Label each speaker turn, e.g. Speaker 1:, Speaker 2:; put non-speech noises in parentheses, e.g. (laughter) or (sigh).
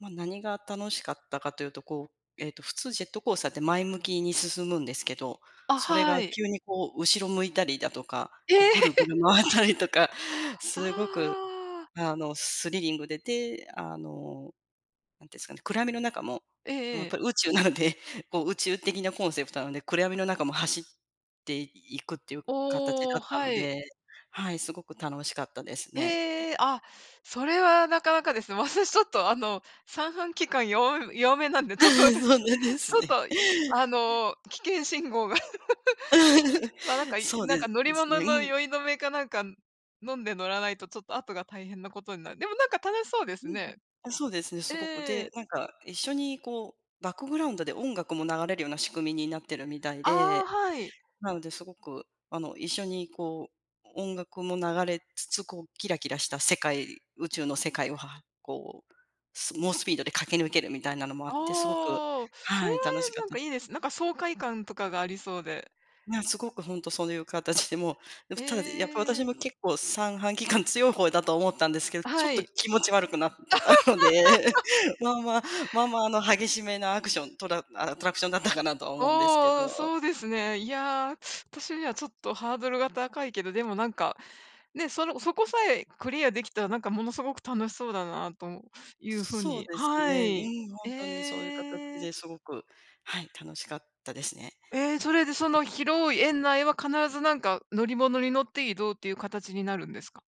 Speaker 1: まあ、何が楽しかったかというと、こう、ええと普通ジェットコースターって前向きに進むんですけど
Speaker 2: あ、
Speaker 1: それ
Speaker 2: は
Speaker 1: が
Speaker 2: い。
Speaker 1: 急に、こう、後ろ向いたりだとか、
Speaker 2: ええ！
Speaker 1: こう、ぐるぐる
Speaker 2: (laughs)
Speaker 1: 回ったりとかすごく、
Speaker 2: ああ
Speaker 1: あの、スリリングで、で、あの、何てすかね暗闇の中も
Speaker 2: え
Speaker 1: や
Speaker 2: ええ
Speaker 1: っ
Speaker 2: え。
Speaker 1: ぱり宇宙なのでこう、宇宙的なコンセプトなので暗闇の中も走っていくっていう形
Speaker 2: お
Speaker 1: だ
Speaker 2: お、
Speaker 1: った
Speaker 2: は
Speaker 1: の
Speaker 2: い。
Speaker 1: で、はい、すごく楽しかったですね。え
Speaker 2: ええ。あ、それはなかなかですわたしちょっとあの、三半規管よわ弱めなんでちょっと (laughs) ち
Speaker 1: (laughs)
Speaker 2: ょ
Speaker 1: そうなんです
Speaker 2: っ
Speaker 1: ね。
Speaker 2: と、あの、危険信号が (laughs)
Speaker 1: (laughs)
Speaker 2: まあ、なんか、
Speaker 1: そう
Speaker 2: なん
Speaker 1: で
Speaker 2: か乗り
Speaker 1: す
Speaker 2: 物
Speaker 1: ね、
Speaker 2: の
Speaker 1: うん。
Speaker 2: 酔い止めかなんか飲んで乗らないとちょっと後が大変なことになる、でも、なんか楽しそうです
Speaker 1: うんうん。
Speaker 2: ね。
Speaker 1: あ、そうですね。
Speaker 2: え
Speaker 1: すごく。
Speaker 2: え。
Speaker 1: でなんか一緒に、こう、バックグラウンドで音楽も流れるような仕組みになってるみたい
Speaker 2: ああ、
Speaker 1: で、
Speaker 2: はい。
Speaker 1: なので、すごく、あの、一緒に、こう、音楽も流れつつ、こう、キラキラした世界、宇宙の世界をはこうす猛スピードで駆け抜けるみたいなのもあってすごく
Speaker 2: ああ、それ
Speaker 1: は
Speaker 2: は、
Speaker 1: い楽しかっ
Speaker 2: なん
Speaker 1: た
Speaker 2: か、
Speaker 1: で
Speaker 2: い
Speaker 1: す。
Speaker 2: いですね。なんか、爽快感、とか、がありそうで。
Speaker 1: ねえ、すごく本当そういう形で、もう、
Speaker 2: へ
Speaker 1: ただ、やっぱ、私
Speaker 2: え。
Speaker 1: も結構三半規管強い方だと思ったんですけどちょ
Speaker 2: は
Speaker 1: っと
Speaker 2: い。
Speaker 1: 気持ち悪くなったので
Speaker 2: (laughs)
Speaker 1: (laughs) まあまあ、まあまあの激しめなアクショントラアトラクションだったかなとは思うんですけ
Speaker 2: おお、
Speaker 1: ど。
Speaker 2: そうですね。いや私にはちょっとハードルが高いけどでもなんかね、そのそこさえクリアできたらなんかものすごく楽しそうだなという風
Speaker 1: そう
Speaker 2: に
Speaker 1: です
Speaker 2: は
Speaker 1: ね。
Speaker 2: い。
Speaker 1: うん、ほんとにそういう形
Speaker 2: ええ。
Speaker 1: ですごく、はい、楽しかったですね。
Speaker 2: え、それでその広い園内は必ずなんか乗り物に乗って移動っていう形になるんですか？